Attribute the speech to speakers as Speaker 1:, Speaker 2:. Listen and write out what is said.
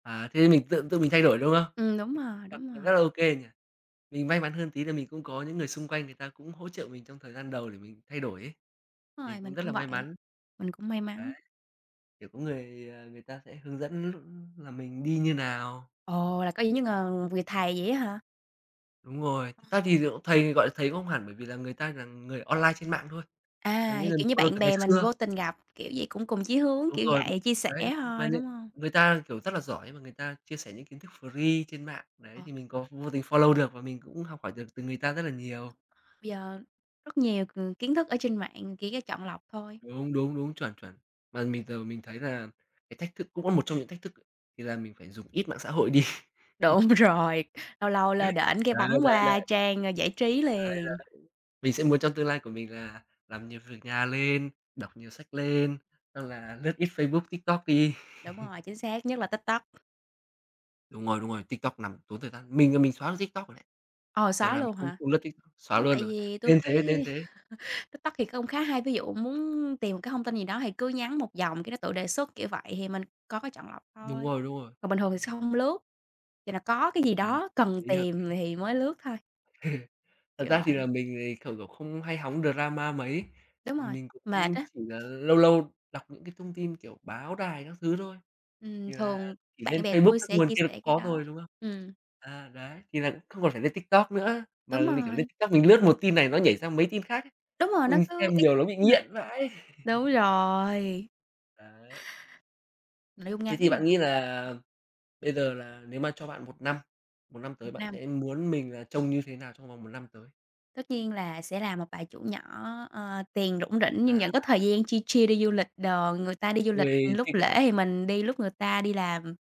Speaker 1: À, thế mình tự tự mình thay đổi, đúng không?
Speaker 2: Ừm, đúng
Speaker 1: [unintelligible]
Speaker 2: rồi, đúng
Speaker 1: Nó rất
Speaker 2: rồi.
Speaker 1: là OK nhỉ. Mình may mắn hơn tí là mình cũng có những người xung quanh người ta cũng hỗ trợ mình trong thời gian đầu để mình thay đổi ấy, thì
Speaker 2: Rồi,
Speaker 1: cũng
Speaker 2: mình
Speaker 1: rất
Speaker 2: cũng
Speaker 1: là may
Speaker 2: vậy,
Speaker 1: mắn.
Speaker 2: mình cũng may
Speaker 1: Đấy,
Speaker 2: mắn.
Speaker 1: kiểu, có người, ờ, người ta sẽ hướng dẫn lúc là mình đi như nào.
Speaker 2: Ồ, là có những những ng người thầy vậy á hả?
Speaker 1: Đúng rồi. Thực ra thì nh thầy gọi là thầy cũng không hẳn, bởi vì là người ta là người online trên mạng thôi, là
Speaker 2: À,
Speaker 1: những
Speaker 2: thì,
Speaker 1: người
Speaker 2: kiểu như,
Speaker 1: follow
Speaker 2: bạn
Speaker 1: từ ngày
Speaker 2: bè mình
Speaker 1: xưa.
Speaker 2: vô tình gặp, kiểu vậy, cũng cùng chí hướng,
Speaker 1: Đúng
Speaker 2: kiểu
Speaker 1: rồi, b
Speaker 2: vậy, chia sẻ
Speaker 1: đấy. Mà
Speaker 2: thôi,
Speaker 1: nh
Speaker 2: đúng hông?
Speaker 1: người ta, kiểu, rất là giỏi mà người ta chia sẻ những kiến thức free trên mạng đấy,
Speaker 2: Ờ.
Speaker 1: thì mình có vô tình follow được và mình cũng học hỏi được từ người ta rất là nhiều.
Speaker 2: Đúng rồi, bây giờ rất nhiều, ừm, kiến thức ở trên mạng chỉ có chọn lọc thôi.
Speaker 1: Đúng, đúng, đúng, chuẩn, chuẩn. Mà mình giờ mình thấy là cái thách thức cũng có một trong những thách thức thì là mình phải dùng ít mạng xã hội đi.
Speaker 2: Đúng rồi, lâu lâu lơ đễnh cái
Speaker 1: Đấy,
Speaker 2: bấm
Speaker 1: đấy, đấy.
Speaker 2: qua
Speaker 1: Đấy,
Speaker 2: trang, ờ, giải trí
Speaker 1: đấy.
Speaker 2: liền.
Speaker 1: Mình sẽ muốn trong tương lai của mình là làm nhiều việc nhà lên, đọc nhiều sách lên, xong là lướt ít Facebook, TikTok đi.
Speaker 2: Đúng rồi, chính xác nhất là TikTok.
Speaker 1: Đúng rồi, đúng rồi, TikTok nằm tốn thời gian. Mình là mình xóa luôn TikTok rồi đấy,
Speaker 2: Ờ,
Speaker 1: giờ
Speaker 2: xóa
Speaker 1: là mình
Speaker 2: luôn
Speaker 1: không
Speaker 2: hả?
Speaker 1: không lướt TikTok, xóa
Speaker 2: Ưm,
Speaker 1: luôn
Speaker 2: tại
Speaker 1: rồi,
Speaker 2: vì tui
Speaker 1: nên thế, nên
Speaker 2: thấy
Speaker 1: thế.
Speaker 2: TikTok thì cũng khá hay. Ví dụ muốn tìm một cái thông tin gì đó thì cứ nhắn một dòng, cái nó tự đề xuất, kiểu vậy, thì mình có cái chọn lọc
Speaker 1: Đúng
Speaker 2: thôi.
Speaker 1: rồi, đúng rồi.
Speaker 2: Còn bình thường thì sẽ hông lướt, thì là có cái gì
Speaker 1: Ừm
Speaker 2: đó cần
Speaker 1: lý, hợp
Speaker 2: tìm thì mới lướt thôi.
Speaker 1: Thật
Speaker 2: Kiểu
Speaker 1: ra thì
Speaker 2: vậy.
Speaker 1: là mình thì, kiểu, kiểu, không hay hóng drama mấy.
Speaker 2: Đúng rồi,
Speaker 1: Mình
Speaker 2: mệt
Speaker 1: cũng
Speaker 2: á.
Speaker 1: chỉ là lâu lâu đọc những cái thông tin, kiểu, báo đài các thứ thôi,
Speaker 2: Ừm,
Speaker 1: thì là
Speaker 2: thường
Speaker 1: chỉ
Speaker 2: bạn
Speaker 1: lên
Speaker 2: bè
Speaker 1: Facebook,
Speaker 2: tui
Speaker 1: các
Speaker 2: sẽ
Speaker 1: nguồn
Speaker 2: chia
Speaker 1: kia là cũng
Speaker 2: sẻ cái
Speaker 1: có
Speaker 2: đó,
Speaker 1: rồi, đúng không?
Speaker 2: ừm.
Speaker 1: À, đấy, thì là không còn phải lên TikTok nữa. Mà
Speaker 2: Đúng
Speaker 1: l kiểu, lên
Speaker 2: rồi.
Speaker 1: TikTok mình lướt một tin này nó nhảy ra mấy tin khác ấy,
Speaker 2: Đúng rồi, nó
Speaker 1: xong
Speaker 2: cứ
Speaker 1: xem
Speaker 2: y
Speaker 1: nhiều nó bị
Speaker 2: à.
Speaker 1: nghiện vãi.
Speaker 2: Đúng rồi.
Speaker 1: Đấy.
Speaker 2: Nội dung
Speaker 1: Thế
Speaker 2: ngắn
Speaker 1: thì
Speaker 2: mà.
Speaker 1: bạn nghĩ là bây giờ là nếu mà cho bạn 1 năm, 1 năm
Speaker 2: 1
Speaker 1: tới bạn
Speaker 2: năm.
Speaker 1: sẽ muốn mình là trông như thế nào trong vòng 1 năm tới?
Speaker 2: Tất nhiên là sẽ làm một bà chủ nhỏ, ờ, tiền rủng rỉnh nhưng
Speaker 1: À.
Speaker 2: vẫn có thời gian chill chill đi du lịch đồ. Người ta đi du lịch
Speaker 1: Ôi,
Speaker 2: lúc
Speaker 1: thích
Speaker 2: lễ
Speaker 1: vãi.
Speaker 2: thì mình đi lúc người ta đi làm.